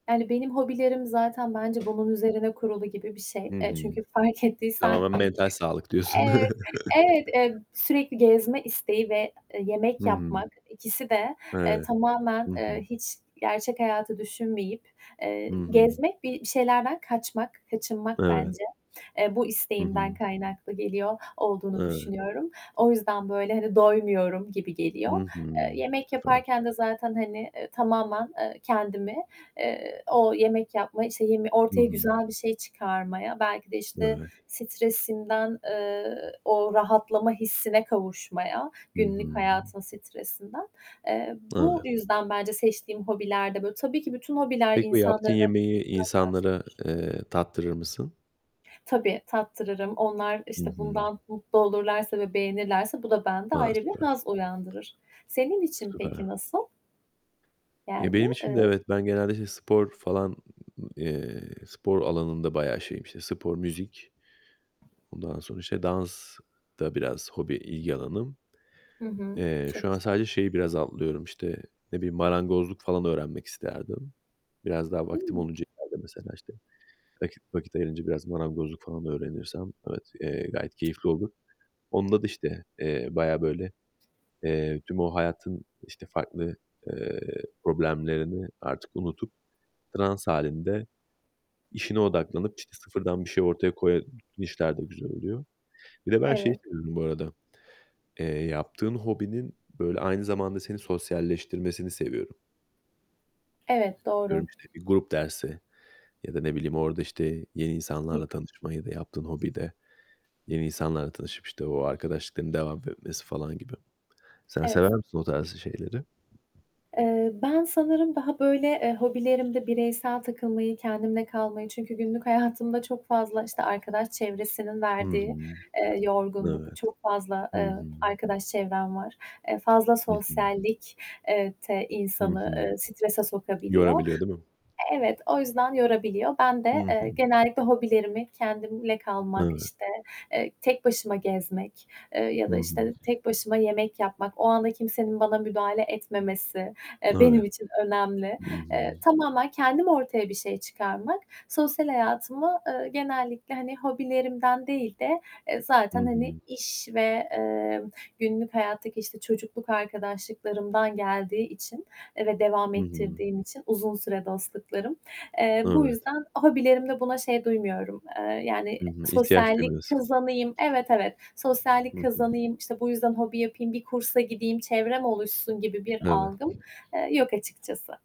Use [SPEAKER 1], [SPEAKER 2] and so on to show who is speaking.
[SPEAKER 1] Yani, benim hobilerim zaten, bence bunun üzerine kurulu gibi bir şey.
[SPEAKER 2] Hı
[SPEAKER 1] Eee,
[SPEAKER 2] hı.
[SPEAKER 1] çünkü fark ettiysen
[SPEAKER 2] Tamamen
[SPEAKER 1] bi
[SPEAKER 2] mental sağlık diyorsun.
[SPEAKER 1] Evet, evet, emm, sürekli gezme isteği ve, eee, yemek
[SPEAKER 2] Hıı.
[SPEAKER 1] yapmak. İkisi de, eee,
[SPEAKER 2] Evet,
[SPEAKER 1] tamamen,
[SPEAKER 2] hı
[SPEAKER 1] eee,
[SPEAKER 2] hı.
[SPEAKER 1] hiç gerçek hayatı düşünmeyip,
[SPEAKER 2] Hı
[SPEAKER 1] eee,
[SPEAKER 2] hı.
[SPEAKER 1] gezmek, bi bir şeylerden kaçmak, kaçınmak
[SPEAKER 2] Evet.
[SPEAKER 1] bence. Eee, bu
[SPEAKER 2] Hı
[SPEAKER 1] isteğimden
[SPEAKER 2] hı.
[SPEAKER 1] kaynaklı geliyor olduğunu
[SPEAKER 2] Evet.
[SPEAKER 1] düşünüyorum. O yüzden, böyle, hani, doymuyorum gibi geliyor.
[SPEAKER 2] Hı
[SPEAKER 1] Eee,
[SPEAKER 2] hı.
[SPEAKER 1] yemek
[SPEAKER 2] Süper.
[SPEAKER 1] yaparken de zaten, hani, eee, tamamen, eee, kendimi, eee, o yemek yapma, işte, yeme
[SPEAKER 2] Hı
[SPEAKER 1] ortaya
[SPEAKER 2] hı.
[SPEAKER 1] güzel bir şey çıkarmaya, belki de, işte,
[SPEAKER 2] Evet.
[SPEAKER 1] stresinden, eee, o rahatlama hissine kavuşmaya
[SPEAKER 2] Hı
[SPEAKER 1] günlük
[SPEAKER 2] hı.
[SPEAKER 1] hayatın stresinden... Eee,
[SPEAKER 2] Evet.
[SPEAKER 1] bu yüzden bence seçtiğim hobiler de böyle Tabii ki bütün hobiler
[SPEAKER 2] Peki, o yaptığın
[SPEAKER 1] insanları
[SPEAKER 2] yemeği insanlara,
[SPEAKER 1] uzaklaştırır.
[SPEAKER 2] eee, tattırır mısın?
[SPEAKER 1] Tabii, tattırırım. Onlar,
[SPEAKER 2] Hı
[SPEAKER 1] işte,
[SPEAKER 2] hı.
[SPEAKER 1] bundan mutlu olurlarsa ve beğenirlerse bu da bende
[SPEAKER 2] A!
[SPEAKER 1] ayrı bir
[SPEAKER 2] Süper.
[SPEAKER 1] haz uyandırır. Senin için peki
[SPEAKER 2] Süper.
[SPEAKER 1] nasıl?
[SPEAKER 2] Ya,
[SPEAKER 1] Yani,
[SPEAKER 2] benim için de
[SPEAKER 1] ııı
[SPEAKER 2] evet. Ben genelde, işte, spor falan, ı eee, spor alanında bayağı şeyim. İşte, spor, müzik, ondan sonra, işte, dans da biraz hobi ilgi alanım.
[SPEAKER 1] Hı hı.
[SPEAKER 2] Eee, şu
[SPEAKER 1] Çok
[SPEAKER 2] an
[SPEAKER 1] güzel.
[SPEAKER 2] sadece şeyi biraz atlıyorum, işte, ne bileyim marangozluk falan öğrenmek isterdim. Biraz daha vaktim
[SPEAKER 1] Hıı.
[SPEAKER 2] olunca ileride, mesela, işte. Vakit vakit ayırınca biraz marangozluk falan öğrenirsem evet, eee, gayet keyifli olur. Onda da işte, eee, bayağı böyle, eee, tüm o hayatın, işte, farklı, eee, problemlerini artık unutup, trans hâlinde işine odaklanıp, işte, sıfırdan bir şey ortaya koya işler de güzel oluyor. Bir de ben şeyi
[SPEAKER 1] Evet.
[SPEAKER 2] seviyorum bu arada, eee, yaptığın hobinin, böyle, aynı zamanda seni sosyalleştirmesini seviyorum.
[SPEAKER 1] Evet, doğru.
[SPEAKER 2] Atıyorum, işte, bir grup dersi ya da ne bileyim, orada, işte, yeni insanlarla
[SPEAKER 1] [unintelligible]
[SPEAKER 2] tanışma ya da yaptığın hobide yeni insanlarla tanışıp, işte, o arkadaşlıkların devam etmesi falan gibi. Sen
[SPEAKER 1] Evet.
[SPEAKER 2] sever
[SPEAKER 1] S
[SPEAKER 2] misin o tarzda şeyleri?
[SPEAKER 1] Eee, ben sanırım daha, böyle, eee, hobilerimde bireysel takılmayı, kendimle kalmayı Çünkü günlük hayatımda çok fazla, işte, arkadaş çevresinin
[SPEAKER 2] Hı
[SPEAKER 1] verdiği,
[SPEAKER 2] hı.
[SPEAKER 1] eee, yorgunluk,
[SPEAKER 2] Evet.
[SPEAKER 1] çok fazla,
[SPEAKER 2] Hı
[SPEAKER 1] eee,
[SPEAKER 2] hı.
[SPEAKER 1] arkadaş çevrem var. Eee, fazla
[SPEAKER 2] Hı hı.
[SPEAKER 1] sosyallik eee, te, eee,
[SPEAKER 2] Hı hı.
[SPEAKER 1] strese sokabiliyor.
[SPEAKER 2] Yorabiliyor, değil mi?
[SPEAKER 1] Evet. O yüzden yorabiliyor. Ben
[SPEAKER 2] Hı
[SPEAKER 1] de,
[SPEAKER 2] hı.
[SPEAKER 1] eee, genellikle hobilerimi kendimle kalmak,
[SPEAKER 2] Evet.
[SPEAKER 1] işte, eee, tek başıma gezmek, eee, ya
[SPEAKER 2] I
[SPEAKER 1] da,
[SPEAKER 2] hı.
[SPEAKER 1] işte, tek başıma yemek yapmak, o anda kimsenin bana müdahale etmemesi, eee,
[SPEAKER 2] Evet.
[SPEAKER 1] benim için önemli.
[SPEAKER 2] I
[SPEAKER 1] Eee,
[SPEAKER 2] hı.
[SPEAKER 1] tamamen kendim ortaya bir şey çıkarmak, sosyal hayatımı, eee, genellikle, hani, hobilerimden değil de, eee,
[SPEAKER 2] Hı
[SPEAKER 1] zaten, hani,
[SPEAKER 2] hı.
[SPEAKER 1] iş ve, eee, günlük hayattaki, işte, çocukluk arkadaşlıklarımdan geldiği için, eee, ve devam
[SPEAKER 2] Hı hı.
[SPEAKER 1] ettirdiğim için -uzun süre dostluklarım. Eee, bu
[SPEAKER 2] Evet.
[SPEAKER 1] yüzden hobilerimde buna şey duymuyorum, eee, yani,
[SPEAKER 2] Hı hı. İhtiyaç
[SPEAKER 1] sosyallik
[SPEAKER 2] duymuyorsun.
[SPEAKER 1] kazanayım Evet, evet.
[SPEAKER 2] Hı
[SPEAKER 1] Sosyallik
[SPEAKER 2] hı.
[SPEAKER 1] kazanayım, işte, bu yüzden hobi yapayım, bir kursa gideyim, çevrem oluşsun gibi bir
[SPEAKER 2] Evet.
[SPEAKER 1] algım, eee, yok açıkçası.